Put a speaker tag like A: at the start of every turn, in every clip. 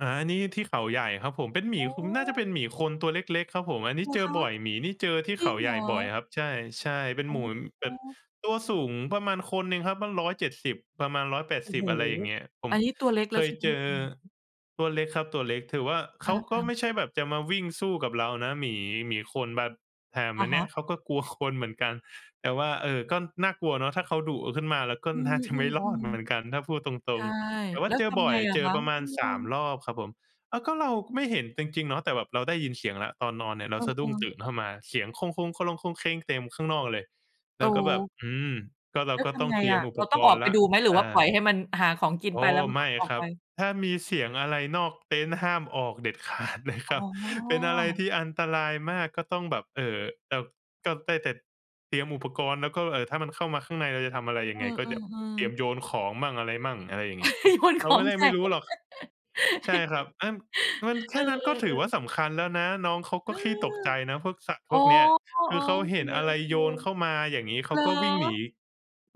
A: อา อันนี้ที่เขาใหญ่ครับผม เป็นหมี
B: อ๋
A: คือมันน่าจะเป
B: อ
A: ็นหมีคนตัวเล็ก ๆ ครับผม อันน
B: เ
A: ี้
B: หรอ
A: เจ
B: ค
A: อ
B: ะ?
A: บ่อย หมีนี่เจอที่
B: จร
A: เข
B: ิ
A: า
B: งเ
A: ใ
B: ห
A: ห
B: ร
A: ญ่บ่อ
B: อ?
A: ยครับ ใช่ ๆ เป็น
B: อ๋
A: หมู แบบ
B: อ
A: ตัวสูงประมาณคนน่ะครับ ตั้ง 170 ประมาณ ร้อยแปด
B: โอ้
A: สิ
B: โ
A: บ
B: ฮ!
A: อะไรอย่างเงี้ย ผ
B: อ
A: ม
B: ันนี้ตัวเล็กแ
A: เ
B: ล
A: ค
B: ้วใ
A: ย
B: ช่ไห
A: เ
B: ม?
A: จอ
B: อื้อฮือ
A: ตัวเล็กครับ ตัวเล็ก ถือว่า เข
B: อ
A: าก็
B: า
A: ไม
B: ๆ
A: ่ใช่แบบจะมาวิ่งสู้กับเรานะหมี หมีคนแบบ แถม
B: อ
A: ไอ
B: ะ
A: ้
B: ฮ
A: นี
B: ะ
A: ้ เขาก็กลัวคนเหมือนกัน แต่ว่า เออ ก็น่ากลัวเนาะ ถ้าเขา อ ดุขึ้นมา เราก็
B: อื
A: น่าจะไม่รอด
B: ม
A: เหมือนก
B: ๆ
A: ัน ถ้าพูดต
B: ๆ ใ
A: ร
B: ช
A: ง
B: ่
A: ๆ แต่ว่
B: แ
A: า
B: ล้
A: เ
B: ว
A: จ
B: ท
A: อบ
B: ำ
A: ่
B: ไ
A: อ
B: ง
A: ย
B: อ
A: เ
B: ะ
A: จ
B: ค
A: อ
B: ะ?
A: ประม
B: เ
A: า
B: อ
A: ณ 3
B: อ
A: รอบครับผม อา ก็ เราก็ไม่เห็นจริง ๆ เนาะ แต่แบบเราได้ยินเสียงแล้ว ตอนนอนเนี่ย เ
B: เ
A: รา
B: อ
A: สะดุ้ง
B: อ
A: ต
B: ๆ
A: ื่นเข้ามา เสียง เต็มข้างนอกเลย แ
B: โอ
A: ล้วก็แบบ
B: ้!
A: อืม ก็ เร
B: แ
A: า
B: ล้ว
A: ก็
B: ท
A: ต้
B: ำ
A: อง
B: ไง
A: เตรีย
B: อ
A: ม
B: ะ
A: อุ
B: เร
A: ป
B: า
A: ก
B: ต้องอ
A: ร
B: อ
A: ณ
B: ก
A: ์
B: ไป
A: แล้ว
B: ดูไหม? หรื
A: เ
B: อ
A: อ
B: ว่าปล่อ
A: อ
B: ยให้มันหาของกิน
A: โอ้
B: ไป แล้วมัน
A: ไ
B: ก
A: ม
B: ็
A: ่
B: ออ
A: ค
B: ก
A: รั
B: ไป
A: บ ถ้ามีเสียงอะไรนอกเต็นท์ ห้ามออกเด็ด ขาด เลยค
B: อ๋อ
A: รับ เป็นอะไรที่อันตรายมาก ก็ต้องแบบ เอ่อ แบบ ก็ได้แต่เตรียมอุปกรณ์ แล้วก็ เอ่อ ถ้ามันเข้ามาข้างใน เราจะทำอะไร ย
B: เ
A: ั
B: อ
A: งไง ก็เดี๋ยว
B: อ
A: เตรีย
B: ๆ ๆ
A: มโยนของมั่ง อะไรมั่ง อะไรอย่างเงี้ย
B: โยนข
A: เราไ
B: อ
A: ม่
B: ง
A: ได้
B: ใส
A: ไม่
B: ่
A: รู้หรอก ใช่ครับ อา นั่น มัน แค
B: เออ
A: ่นั้นก็ถือว่า
B: ๆ ๆ
A: สำคัญแล้วนะ น้องเขา
B: เ
A: ก
B: อ
A: ็
B: อ
A: ขี้ตกใจนะ พวกสัตว์
B: อ๋
A: พ
B: อ
A: วกเนี้ย
B: อ๋อ
A: คือเข
B: โ
A: า
B: อเ
A: เ
B: ค
A: ห็นอะไร
B: ๆ
A: โยนเข้า
B: เ
A: มา อย่างงี้ เข
B: หร
A: า
B: อ?
A: ก็วิ่งหนี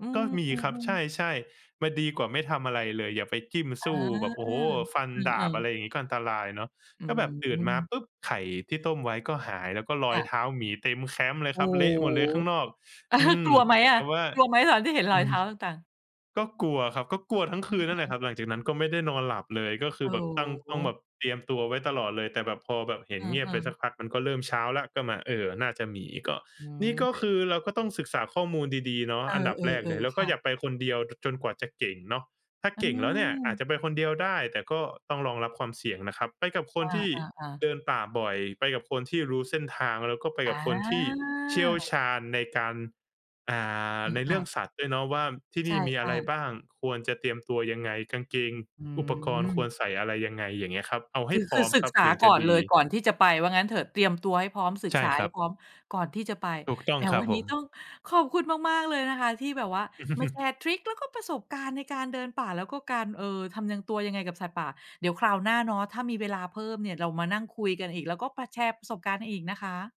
B: อื
A: ก็มีครับ
B: ม
A: ใ
B: ๆ ๆ
A: ช่ ๆ ม ดีกว่าไม่ทำอะไรเลย อย่าไปจิ้ม
B: อ
A: ส
B: า
A: ู้ แบบ โอ้โฮ! ฟันด
B: อ
A: า
B: า
A: บ อะไร
B: ๆ
A: อย่างงี้ก็อันตรายเนาะ
B: อื
A: ก็แบบตื่นมา
B: ม
A: ปุ๊บไข่ที่ต้มไว้ก็หาย แล้วก็ร
B: ค
A: อ
B: ่
A: ย
B: ะ
A: เท้าหมีเต็มแคมป์เลย
B: โอ้
A: ครับ เละหมดเลยข้างนอ
B: โ
A: ก
B: ฮ
A: อืม
B: กลัวไหมอ
A: แ
B: ะ?
A: ต่ว่า
B: กลัวไหมตอนที่เห็นร
A: อ
B: อ
A: ื
B: ยเท
A: ม
B: ้าต่าง ๆ?
A: ก็กลัวครับ ก็กลัวทั้ง
B: เ
A: คืนน
B: อ
A: ั่นแหล
B: อ
A: ะค
B: ๆ
A: รับ หลังจากนั้นก็ไม่ได้นอนหลับเลย ก็ค
B: โ
A: ื
B: อ
A: อ
B: ้
A: แบบตั้ง
B: โ
A: ต้องแบ
B: ฮ!
A: บเตรียมตัวไว้ตลอดเลย แต่แบบพอแบบเห็
B: เ
A: นเงีย
B: อ
A: บไป
B: อ
A: สัก
B: ๆ
A: พัก มันก็เริ่มเช้าแล้ว ก็มา เออ น่าจะหมี ก็
B: อื
A: นี่ก
B: ม
A: ็คือเราก็ต้องศึกษาข้อมูลดี ๆ เนาะ
B: เอ
A: อันดับแรก
B: อ
A: เลย แล
B: ๆ
A: ้ว
B: ๆ
A: ก
B: ค
A: ็
B: ่ะ
A: อย่าไปคนเดียว จ จนกว่าจะเก่งเนาะ ถ้า
B: อื
A: เก่งแล้วเนี่ยอาจ
B: ม
A: จะไปคนเดียวได้ แต่ก็ต้องรองรับความเสี่ยงนะครับ ไปกับค
B: อ
A: นที่
B: า
A: เ
B: ๆ
A: ด
B: ๆ
A: ินป่าบ่อย ไปกับคนที่รู้เส้นทาง แล้วก็ไป
B: อ
A: กับคนที่เชี่ยว
B: า
A: ชาญในการ อ่า ใน
B: ค
A: เรื
B: ่ะ
A: ่อง
B: ๆ
A: สัตว์ด้วยเนาะว่าที่
B: ใ
A: น
B: ช
A: ี่มีอะ
B: ่
A: ไร
B: ๆ
A: บ้าง ควรจะเตรียมตัวยังไง กางเกง
B: อื
A: อุปกรณ์คว
B: ม
A: รใส่ อะไรยังไง อย่างเงี้ยครับ เอาให
B: ค
A: ้
B: ือ
A: พร
B: คื
A: ้อ
B: อ
A: ม
B: ศึ
A: ค
B: ก
A: รับ
B: ษา
A: ถึงจ
B: ก
A: ะ
B: ่อน
A: ด
B: เ
A: ี
B: ลย ก่อนที่จะไป ว่างั้นเถอะ เตรียมตัวให้พร้อม ศึ
A: ใ
B: ก
A: ช่
B: ษา
A: ค
B: ให
A: รั
B: ้
A: บ
B: พร้อม ก่อนที่จะไป
A: ถูกต้อ
B: แห
A: ง
B: ม!
A: ครั
B: ว
A: บ
B: ัน
A: ผ
B: นี้
A: ม
B: ต้องขอบคุณมาก ๆ เลยนะคะที่แบบว่ามาแชร์ทริก แล้วก็ประสบการณ์ในการเดินป่า แล้วก็การ เอ่อ ทำยัง ตัวยังไงกับสัตว์ป่า เดี๋ยวคราวหน้าเนาะถ้ามีเวลาเพิ่มเนี่ยเรามานั่งคุยกันอีก แล้วก็ ป แชร์ประสบการณ์อีกนะคะ